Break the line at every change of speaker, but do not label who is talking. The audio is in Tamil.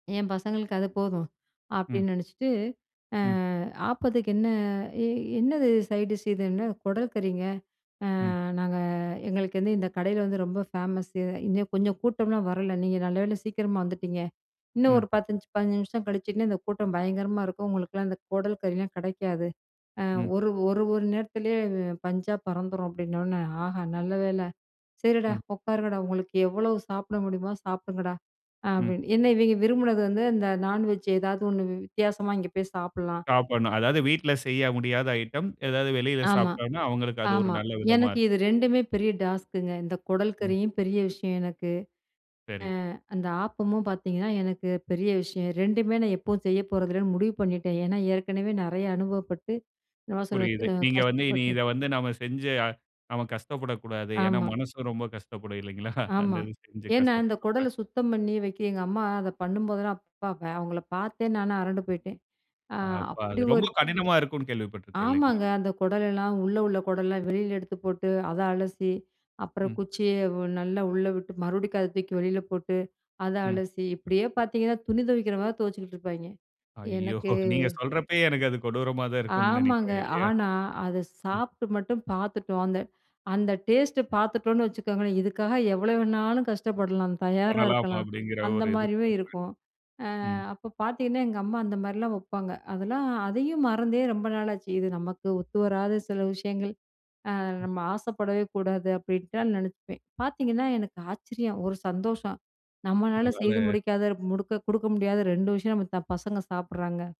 என் பசங்களுக்கு அது போதும்.
ம்.
அப்படின்னு நெனைச்சிட்டு. ஆ
ம்.
ஆப்பத்துக்கு என்ன? எ என்னது சைட்டிஷ் இதுன்னு? குடல் கறிங்க. ஆ,
ம்.
நாங்க எங்களுக்குந்து இந்த கடையில வந்து ரொம்ப ஃபேமஸ்சு. இன்னும் கொஞ்சம் கூட்டம்லா வரல. நீங்க நல்லவேள சீக்கிரமா வந்துட்டீங்க. இன்னும்
ம்.
ஒரு 10, 5, 15 நிமிஷம் கழிஞ்சுன்ன இந்த கூட்டம் பயங்கரமா இருக்கும். உங்களுக்கெல்லாம் இந்த குடல் கறிலா கெடைக்காது. ஆ
ம்.
ஒரு ஒரு ஒரு நேரத்துலயே [unintelligible] பஞ்சா பறந்துரும் அப்படின்ன உடனே, ஆஹா! நல்ல வேள சரிடா
ம்.
உட்காருங்கடா உங்களுக்கு எவ்வளோ சாப்பிட முடியுமோ சாப்பிடுங்கடா,
ம்.
அப்படின்னு. என்ன இவிங்க விரும்புனது வந்து அந்த நான்வெஜ் ஏதாவது ஒண்ணு [unintelligible] வித்தியாசமா இங்க போய் சாப்பிலாம்.
சாப்பணும். அதாவது வீட்ல செய்ய முடியாத ஐட்டம் ஏதாவது வெளியில
ஆமா,
சாப்பட்டாங்கனா அவுங்களுக்கு அது ஒரு
ஆமா.
நல்ல விதமா
எனக்கு
இருக்கும்.
இது 2மே பெரிய டாஸ்க்குங்க இந்த குடல்
ம்.
கறியும் பெரிய விஷயம் எனக்கு.
சரி.
அ, அந்த ஆப்பமும் பாத்தீங்கன்னா எனக்கு பெரிய விஷயம். 2மே நான் எப்பவும் செய்ய போறதில்லன்னு முடிவு பண்ணிட்டேன். ஏன்னா ஏற்கனவே நெறைய அனுபவப்பட்டு என்னமோ சொல்ல.
புரியுது.
[unintelligible]
நீங்க வந்து இனி
கஷ்டப்பட்டு
இத வந்து நாம் செஞ்சு அ நாம கஷ்டப்படக்கூடாது. ஏன்னா
ஆமா.
மனசு ரொம்ப கஷ்டப்படும் இல்லைங்களா? அந்த
ஆமா.
இது செஞ்சு
ஏன்னா இந்த குடல
கஷ்டப்படும்ல.
சுத்தம் பண்ணி வைக்க, எங்க அம்மா அத பண்ணும்போதெல்லாம் அப்ப அவுங்கள பார்த்தே நானு அரண்டு போய்ட்டேன். ஆ
ஆப்ப
அப்படி
அது, ரொம்ப
ஒரு
கடினமா இருக்குன்னு கேள்விப்பட்டிருக்கேன். இல்லைங்க?
ஆமாங்க. அந்த குடலெல்லாம் உள்ள உள்ள குடலாம் வெளியில எடுத்து போட்டு, அத அலசி அப்புறம்
ம்.
குச்சிய ஓ நல்லா உள்ள விட்டு மறுபடியும் அத தூக்கி வெளியில போட்டு, அத
ம்.
அலசி இப்படியே பாத்தீங்கன்னா துணி துவைக்கிற மாரி துவைச்சிட்டுருப்பாய்ங்க.
ஐயோ!
எனக்கு
நீங்க சொல்றப்பயே எனக்கு அது கொடூரமா தான் இருக்கும்ன்னு
ஆமாங்க.
நெனைக்கிறேன். இல்லையா?
ஆனா அத
ம்.
சாப்ட்டு மட்டும் பாத்துட்டோம். அந்த அந்த டேஸ்ட்டு பாத்துட்டோனு வச்சுக்கோங்களே இதுக்காக எவ்வளோ வேணாலும் கஷ்டப்படலாம், தயாரா
பண்ணலாம்
இருக்கலாம்,
அப்படிங்கிற
அந்த
ஒரு இதுக்கு
மாரியும்
வருவேன்.
இருக்கும். ஆ
ம்.
அப்ப பாத்தெங்கன்னா எங்க அம்மா அந்த மாரிலாம் வப்பாங்க. அதெல்லாம் அதையும் மறந்தே ரொம்ப நாளாச்சு. இது நமக்கு ஒத்துவராத சில விஷயங்கள். ஆ
ம்.
நம்ம ஆசைப்படவே கூடாது அப்படின்டா நெனைப்பேன். பாத்தீங்கன்னா எனக்கு ஆச்சரியம். ஒரு சந்தோஷம். நம்மனால செய்து
உங்களால
முடிக்காத முடுக்க குடுக்க முடியாத 2 விஷயம் நம்ம த பசங்க சாப்பிடுறாங்க.